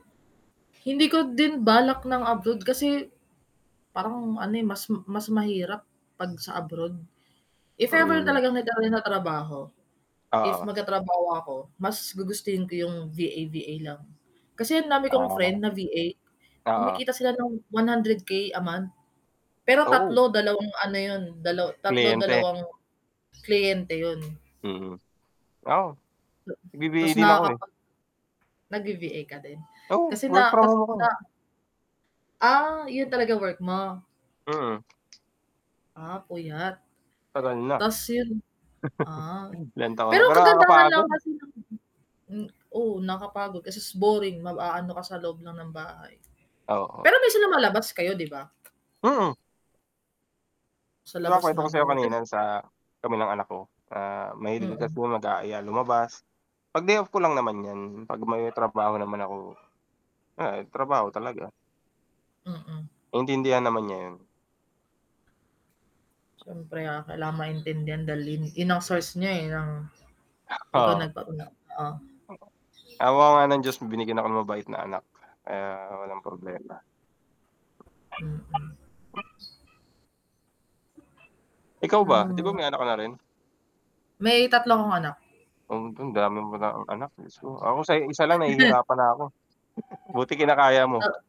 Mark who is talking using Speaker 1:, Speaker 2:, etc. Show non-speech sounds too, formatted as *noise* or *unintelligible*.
Speaker 1: Hindi ko din balak ng abroad kasi, parang ano eh, mas mas mahirap 'pag sa abroad. If ever
Speaker 2: Mm.
Speaker 1: talagang magaan trabaho, if
Speaker 2: Oo.
Speaker 1: magtatrabaho ako, mas gugustuhin ko yung VA-VA lang. Kasi ang dami kong
Speaker 2: Ah.
Speaker 1: friend na VA
Speaker 2: Oo.
Speaker 1: kumikita sila ng ₱100K a month. Pero
Speaker 2: Oo.
Speaker 1: 3, 2 ano yun, dala 3
Speaker 2: Kliyente?
Speaker 1: 2 kliyente yun.
Speaker 2: Mhm. Oo.
Speaker 1: Ta tas
Speaker 2: Nagbibigay din ako eh.
Speaker 1: nakakapag nag-VA ka din?
Speaker 2: Oo,
Speaker 1: Kasi
Speaker 2: work
Speaker 1: na
Speaker 2: from home ako.
Speaker 1: *unintelligible* Ah, yun talaga work mo?
Speaker 2: Mm.
Speaker 1: Ah puyat.
Speaker 2: Tagal na.
Speaker 1: Tas yun ah,
Speaker 2: *chuckles* Ilang taon na,
Speaker 1: pero
Speaker 2: pero
Speaker 1: kagandahan lang
Speaker 2: nakakapagod.
Speaker 1: kasi nung *unintelligible* hmm, oo nakapagod kasi s boring mag-aano ka sa loob lang ng bahay.
Speaker 2: Oo.
Speaker 1: Pero minsan lumalabas kayo 'di ba?
Speaker 2: Mm.
Speaker 1: Sa
Speaker 2: 'Di ba
Speaker 1: labas
Speaker 2: kwento ko sa'yo
Speaker 1: nagwo-work.
Speaker 2: kanina
Speaker 1: Yung
Speaker 2: yung sa, kami nang anak ko, ah, mahilig
Speaker 1: Hmm.
Speaker 2: kasi yun mag-aaya lumabas, 'pag day off ko lang naman yan, 'pag may trabaho naman ako, ay trabaho talaga.
Speaker 1: Hmm.
Speaker 2: Naintindihan naman niya yun.
Speaker 1: Siyempre kaya kailangan maintindihan, dahil yun ang source niya eh, nang ikaw
Speaker 2: Oo.
Speaker 1: nagpa-una oo.
Speaker 2: Hmm. Awa nga ng Diyos binigyan ako ng mabait na anak. Kaya walang problema.
Speaker 1: Hmm.
Speaker 2: Ikaw
Speaker 1: Na
Speaker 2: ba, 'di ba
Speaker 1: mga
Speaker 2: may anak ka na rin?
Speaker 1: May 3 akong anak.
Speaker 2: Ang dami mo nang anak jusko ako sa isa lang
Speaker 1: *chuckles*
Speaker 2: nahihirapan na ako. *chuckles* Buti kinakaya mo?
Speaker 1: Oo.